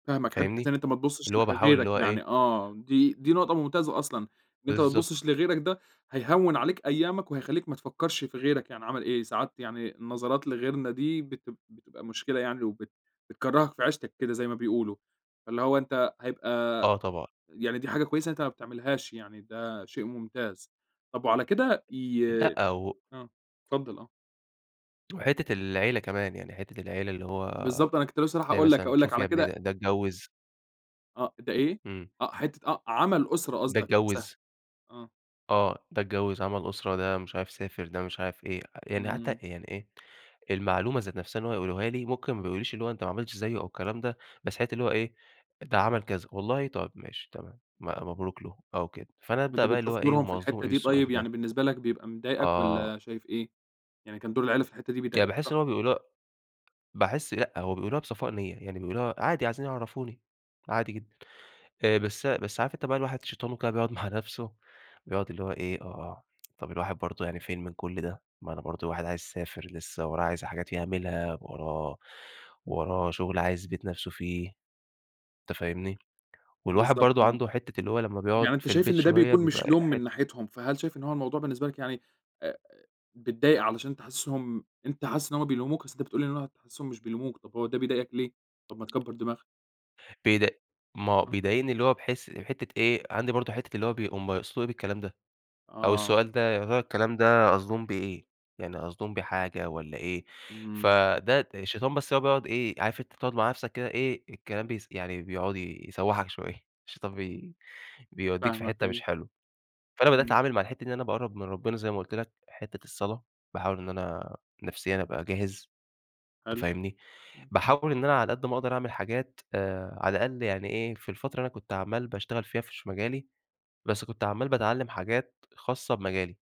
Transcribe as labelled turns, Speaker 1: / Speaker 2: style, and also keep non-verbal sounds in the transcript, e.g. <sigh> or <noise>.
Speaker 1: فاهمَك حتّة إن
Speaker 2: فاهمني؟
Speaker 1: أنت ما
Speaker 2: اللي
Speaker 1: تبُصّش
Speaker 2: هو
Speaker 1: لح
Speaker 2: باحاول اللي
Speaker 1: غيرك،
Speaker 2: هو إيه
Speaker 1: يعني آه دي دي نقطة ممتازة أصلًا، إن أنت ما
Speaker 2: بالضبط.
Speaker 1: تبُصّش لغيرَك ده هيهوّن عليك أيامَك وهيخلّيك ما تفكّرش في غيرك يعني عمل إيه، ساعات يعني النظرات لغيرنا دي بت بتبقى مشكلة يعني وبت بتكرّهك في عيشتَك كده زي ما بيقولوا، فاللي هو أنت هيبقى
Speaker 2: آه طبعًا.
Speaker 1: يعني دي حاجة كويسة إن أنت ما بتعملهاش يعني، ده شيء ممتاز، طب وعلى كده ي
Speaker 2: لأ و
Speaker 1: آه، اتفضّل آه.
Speaker 2: وحتّة العيلة كمان، يعني حتّة العيلة اللي هو
Speaker 1: بالضبط أنا كنت لسّه رايح
Speaker 2: تلاقي
Speaker 1: أقول لَك
Speaker 2: مثلًا
Speaker 1: أقول لَك
Speaker 2: شوف يا
Speaker 1: على
Speaker 2: ابني ده
Speaker 1: كده
Speaker 2: ده اتجوّز
Speaker 1: آه، ده إيه؟
Speaker 2: إمم.
Speaker 1: آه حتّة آه، عَمل أُسرة
Speaker 2: ده
Speaker 1: قصدَك نفْسها،
Speaker 2: اتجوّز
Speaker 1: آه.
Speaker 2: آه ده اتجوّز عمل أسرة ده مش عارف سافر ده مش عارف إيه، يعني حتّى
Speaker 1: إمم.
Speaker 2: يعني إيه، المعلومة ذات نفْسها إن هو يقولوها لي، ممكن ما بيقولوليش اللي هو أنت ما عملتش زيّه أو الكلام ده، بس حتّة اللي هو إيه ده عمل كذا والله طيب ماشي تمام، م مبروك له أو كده، فأنا أبدأ
Speaker 1: وأنت
Speaker 2: بقى اللي هو
Speaker 1: بتشوف
Speaker 2: إيه،
Speaker 1: دورهم
Speaker 2: هُم
Speaker 1: في
Speaker 2: قصدهم إيه
Speaker 1: الحتّة دي
Speaker 2: بالسؤال
Speaker 1: طيب
Speaker 2: ده؟
Speaker 1: يعني بالنسبة لَك بيبقى مضايقك،
Speaker 2: آه.
Speaker 1: والّا شايف إيه؟ يعني كان دور العيلة في الحتةّ دي
Speaker 2: يعني
Speaker 1: بيضايك
Speaker 2: باحس
Speaker 1: صح؟
Speaker 2: إن هُم بيقولوها باحس لأ هو بيقولوها بصفاء نية، يعني بيقولوها عادي عايزين يعرَّفوني عادي جدًا، آآ بس بس عارف أنت بقى الواحد شيطانه كده بيقعد مع نفْسه، بيقعد اللي هو إيه، آه طب الواحد برضه يعني فين من كلّ ده، ما أنا برضه الواحد عايز يسافر لسّه وراه عايز حاجات يعملها، وراه وراه شغل عايز يثبت نفْسه فيه، أنت فاهمني، والواحد
Speaker 1: بالضبط
Speaker 2: برضه
Speaker 1: آه،
Speaker 2: عنده حتّة اللي هو لمّا
Speaker 1: طب
Speaker 2: بيقعد
Speaker 1: يعني أنت
Speaker 2: في
Speaker 1: شايف
Speaker 2: البيت
Speaker 1: إن ده
Speaker 2: شوية
Speaker 1: بيكون مش
Speaker 2: بيبقى
Speaker 1: لوم
Speaker 2: حت
Speaker 1: من ناحيتهم، فهل شايف إن هو الموضوع بالنسبة لَك يعني آآ بتضايق علشان تحسّسهم أنت حاسس إن هم بيلوموك؟ أصل أنت بتقول لي إن هو <unintelligible> حاسسهم مش بيلوموك، طب هو ده بيضايقك ليه؟ طب ما تكبَّر دماغَك.
Speaker 2: بيد ما هو
Speaker 1: آه.
Speaker 2: بيضايقني اللي هو بحيث حتّة إيه، عندي برضه حتّة اللي هو بيق هُم يقصدوا إيه بالكلام ده؟ أو
Speaker 1: آه.
Speaker 2: السؤال ده يا ترى الكلام ده قصدهم بيه إيه، يعني قصدهم بيه حاجة والّا إيه؟
Speaker 1: إمم.
Speaker 2: فده الشيطان بس هو بيقعد إيه عارف أنت تقعد مع نفسَك كده إيه الكلام بيس يعني بيقعد يسوّحَك شوية الشيطان بي بيوديك في
Speaker 1: فاهمَك
Speaker 2: حتّة مش
Speaker 1: أيوه.
Speaker 2: حلوة فأنا بدأت
Speaker 1: إمم.
Speaker 2: أتعامل مع الحتّة دي إن أنا باقرب من ربنا زي ما قُلت لَك حتّة الصلاة باحاول إن أنا نفسيًا أبقى جاهز أنت
Speaker 1: حلو،
Speaker 2: فاهمني،
Speaker 1: إمم.
Speaker 2: باحاول إن أنا على قد ما أقدر أعمل حاجات آآ على الأقل يعني إيه، في الفترة أنا كنت عمّال باشتغل فيها في ش مجالي، بس كنت عمّال باتعلّم حاجات خاصّة بمجالي.